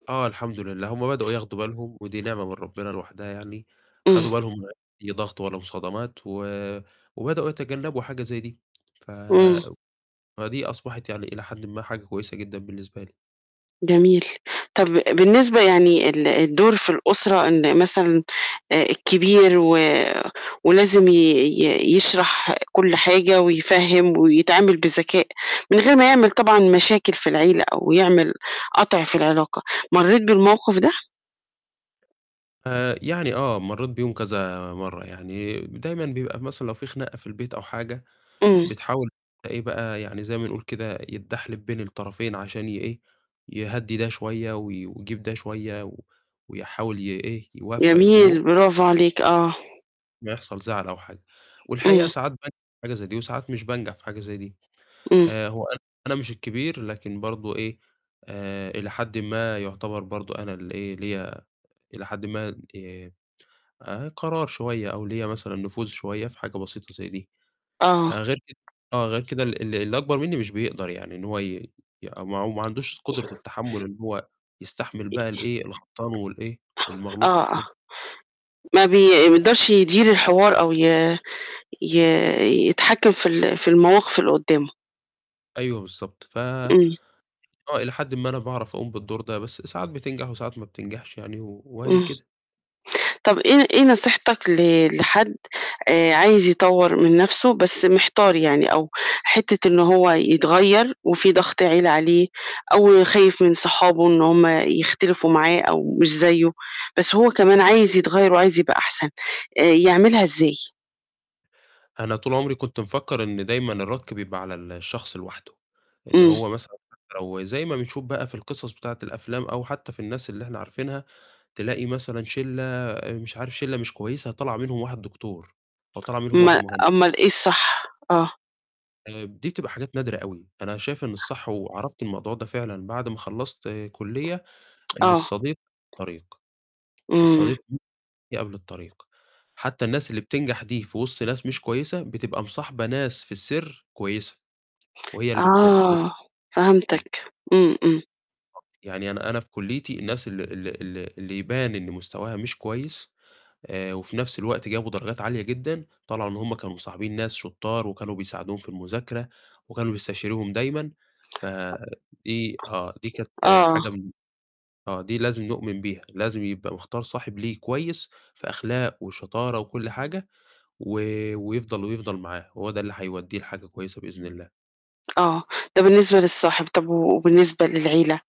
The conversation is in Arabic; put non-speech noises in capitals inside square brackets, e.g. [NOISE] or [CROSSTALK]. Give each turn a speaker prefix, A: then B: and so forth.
A: آه الحمد لله، هم بدؤوا ياخدوا بالهم ودي نعمة من ربِّنا لوحدها يعني،
B: إمم.
A: خدوا بالهم من أي ضغط ولا مصادمات و وبدؤوا يتجنّبوا حاجة زي دي. ف
B: إمم.
A: فدي أصبحت يعني إلى حدٍ ما حاجة كويسة جدًا بالنسبة لي.
B: جميل، طَب بالنسبة يعني ال الدور في الأسرة إن مثلًا آآ، الكبير و ولازم ي ي يشرح كل حاجة ويفهّم ويتعامل بذكاء من غير ما يعمل طبعًا مشاكل في العيلة أو يعمل قَطْع في العلاقة، مرّيت بالموقف ده؟
A: آآ، يعني آه، مرّيت بيهم كذا مرّة، يعني دايمًا بيبقى مثلًا لو في خناقة في البيت أو حاجة،
B: إمم.
A: بتحاول في إيه بقى، يعني زي ما نقول كده، يتدحلب بين الطرفين عشان يإيه، يهدّي ده شوية و ويجيب ده شوية و ويحاول يإيه، يوفَّق الأمور.
B: جميل، برافو عليك، آه.
A: أمّا يحصل زعل أو حاجة. والحقيقة
B: إمم.
A: ساعات بانجح في حاجة زي دي وساعات مش بانجح في حاجة زي دي.
B: إمم.
A: آآ هو أنا مش الكبير، لكن برضه إيه، آآ إلى حدٍ ما يعتبر برضه أنا اللي إيه، ليّا إلى حدٍ ما آآ، قرار شوية أو ليّا مثلًا نفوذ شوية في حاجة بسيطة زي دي،
B: آه.
A: آآ، غير كده آه، غير كده ال ال اللي أكبر منّي مش بيقدر يعني، إن هو ي ي أو ما ما عندوش قدرة التحمُّل إن هو يستحمل بقى الإيه، الغلطان والإيه،
B: [UNINTELLIGIBLE]
A: والمغلوط في
B: آه، آه،
A: [UNINTELLIGIBLE]
B: ما
A: [UNINTELLIGIBLE]
B: بيقدرش يدير الحوار أو ي ي يتحكِّم في ال في المواقِف اللي قُدّامه.
A: أيوه، بالضبط. ف
B: إمم.
A: آه، إلى حدٍ ما أنا باعرف أقوم بالدور ده، بس ساعات بتنجح وساعات ما بتنجحش يعني و وأهي
B: إمم.
A: كده.
B: طَب إيه إيه نصيحتك ل لحد آآ، عايز يطوّر من نَفْسه بس محتار يعني أو حتّة إنه هو يتغيّر وفي ضَغْط عيلة عليه أو خايف من صحابه إن هم يختلفوا معاه أو مش زيّه، بس هو كمان عايز يتغيّر وعايز يبقى أحسن، آآ يعملها إزاي؟
A: أنا طول عمري كنت مفكّر إن دايمًا الرَك بيبقى على ال الشخص لوحده. إن
B: إمم.
A: هو مثلًا حتّى لو زي ما بنشوف بقى في القصص بتاعة الأفلام، أو حتّى في الناس اللي إحنا عارفينها، تلاقي مثلًا شِلّة آآ مش عارف شِلّة مش كويسة طلع منهم واحد دكتور، أو طلع منهم واحد
B: ما
A: مهن
B: أُمّال إيه الصح؟ آه.
A: آآ، دي بتبقى حاجات نادرة أوي. أنا شايف إن الصح وعرفت الموضوع ده فعلًا بعد ما خلّصت كُلّية، إن
B: آه.
A: الصديق طريق،
B: إمم.
A: الصديق [UNINTELLIGIBLE] قبل الطريق، حتى الناس اللي بتنجح دي في وِسط ناس مش كويسة، بتبقى مصاحبة ناس في السِر كويسة، وهي اللي بت ب
B: آه،
A: [UNINTELLIGIBLE]
B: فهمتك. إمم، إمم.
A: بالضبط. يعني أنا أنا في كُلّيتي الناس ال ال اللي اللي يبان إن مستواها مش كويس آآ وفي نَفْس الوقت جابوا درجات عالية جدًا، طلع إن هم كانوا مصاحبين ناس شطّار وكانوا بيساعدوهم في المذاكرة وكانوا بيستشيروهم دايمًا، فدي آه، دي
B: أ
A: كانت
B: آه.
A: حاجة من آه، دي لازم نؤمن بيها، لازم يبقى مختار صاحب ليه كويس في أخلاق وشطارة وكل حاجة و ويفضل ويفضل معاه، هو ده اللي هيودّيه لحاجة كويسة بإذن الله.
B: آه، ده بالنسبة للصاحب، طَب وبالنسبة للعيلة؟